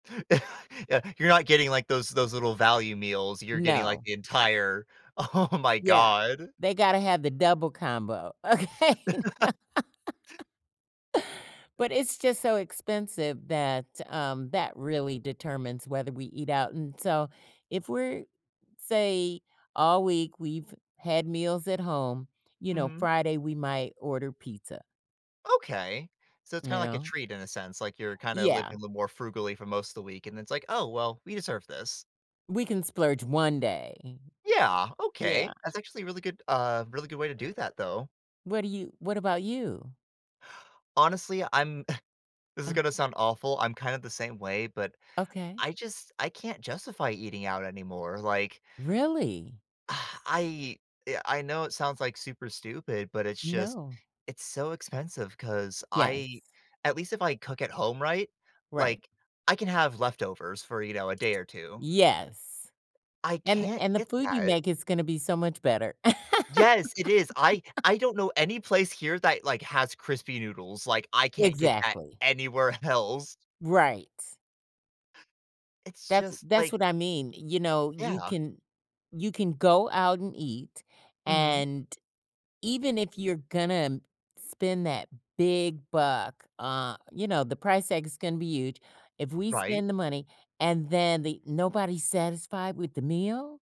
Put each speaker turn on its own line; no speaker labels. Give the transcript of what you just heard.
Yeah, you're not getting, like, those those little value meals. You're getting like
No.
the entire oh my
Yeah,
god.
they gotta have the double combo, okay. But it's just so expensive that, um that really determines whether we eat out. And so, if we're say, all week we've had meals at home, you know,
Mhm.
Friday we might order pizza.
Okay. So it's kinda
You
like a
know?
treat in a sense, like, you're kinda
Yeah.
living a little more frugally for most of the week, and it's like, "Oh well, we deserve this."
We can splurge 1 day.
Yeah, Okay,
Yeah.
that's actually a really good uh, really good way to do that though.
What do you what about you?
Honestly, I'm this is
Uh
gonna sound awful. I'm kinda the same way, but
Okay.
I just I can't justify eating out anymore like
Really?
I uh, I know it sounds like super stupid, but it's just
No.
it's so expensive 'cause
Yes.
I at least if I cook at home, right,
Right.
like, I can have leftovers for, you know, a day or 2.
Yes,
I
and
can't
and the
get
food you
that.
make is gonna be so much better.
Yes, it is. I I don't know any place here that, like, has crispy noodles, like, I can't get that
Exactly.
anywhere else.
Right.
It's
That's
just
that's
like
what I mean, you know, you
Yeah.
can you can go out and eat,
Mhm.
and even if you're gonna spend that big buck, uh, you know, the price tag is gonna be huge. If we
Right.
spend the money, and then the nobody's satisfied with the meal?